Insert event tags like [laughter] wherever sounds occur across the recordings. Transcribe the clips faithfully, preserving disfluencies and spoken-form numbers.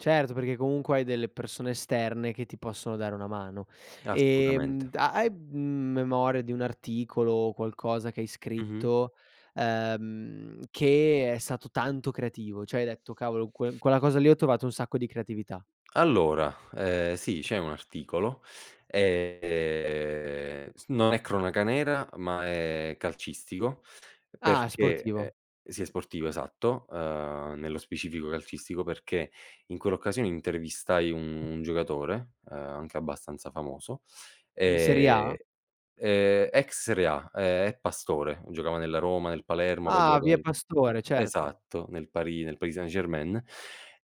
Certo, perché comunque hai delle persone esterne che ti possono dare una mano. Eh, Ehm, assolutamente. da hai, mhmm, memoria di un articolo o qualcosa che hai Mh-mh. scritto, ehm, che è stato tanto creativo? ceh, hai detto: "Cavolo! Que quella cosa lì ho trovato un sacco di creatività"? Allora, ehm, sì c'è un articolo, ehm, s non è cronaca nera, ma è calcistico Ah! È perché ehm sportivo. sì, è sportivo, esatto, uhm, nello specifico calcistico, perché in quell'occasione intervistai un un giocatore, uhm, anche abbastanza famoso, In serie A? ehm ehm ex serie A, ehm, è Pastore, giocava nella Roma, nel Palermo, poi ha Ah! giocato Javier nel Pastore, certo. esatto, nel Paris nel Paris Saint-Germain.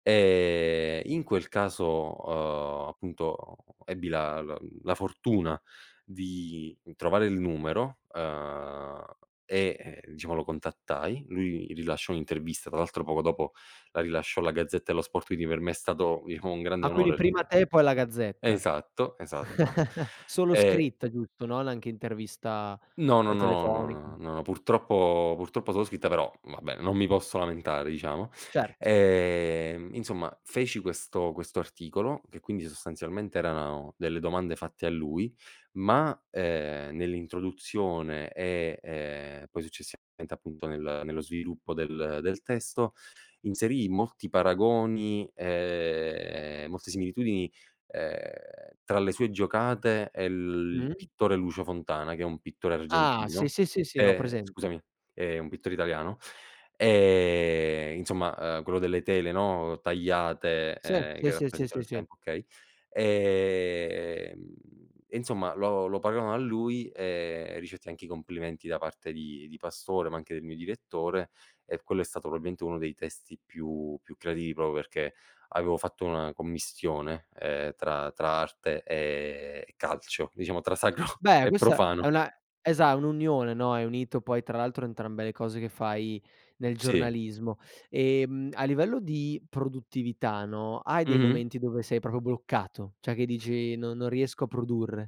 Ehm, in quel caso, uhm, appunto, uhm, ebbi la l la fortuna di trovare il numero, uhm, e, ehm, diciamo lo contattai, lui rilasciò un'intervista, tra l'altro poco dopo la rilasciò la Gazzetta dello Sport, quindi per me è stato, diciamo un grande Ah, quindi onore prima te e poi la Gazzetta. esatto, esatto. [chuckles] Solo Ehm scritta, giusto? Non anche intervista, No, no, ehm, no, telefonica? no, n no, purtroppo purtroppo solo scritte, però vabbè non mi posso lamentare, diciamo. Certo. Ehm, inzomma, feci questo questo articolo, che quindi sostanzialmente erano delle domande fatte a lui, ma, ehm, nell'introduzione e, ehm, poi, successivamente appunto nel nello sviluppo del del testo, inserii molti paragoni, ehm, molte similitudini, ehm, tra le sue giocate e l il Mh. pittore Lucio Fontana, che è un pittore Ah! Sì, argentino, sì, sì, sì ho ehm presente. scusami, è un pittore italiano, ehm, inzomma, uhm, quello delle tele, no, tagliate, Sì, ehm, sì, che sì, sì, rappresentano sì, il sì. tempo, okay. Ehm, e inzomma, lo lo pagaono a lui, ehm, e ricevetti anche i complimenti da parte di di Pastore, ma anche del mio direttore, e quello è stato proabilmente uno dei testi più più creativi propro perché avevo fatto una commissione, ehm, tra tra arte, ehm, e calcio, diciamo tra sacro Beh, e questa profano. è una esa un'unione, no, hai unito poi tra l'altro entrambe le cose che fai nel Sì. giornalismo. Ehm, a livello di produttività, no, hai dei Mh-mh. momenti dove sei propro bloccato, ceh che dici: "Non non riesco a produrre?".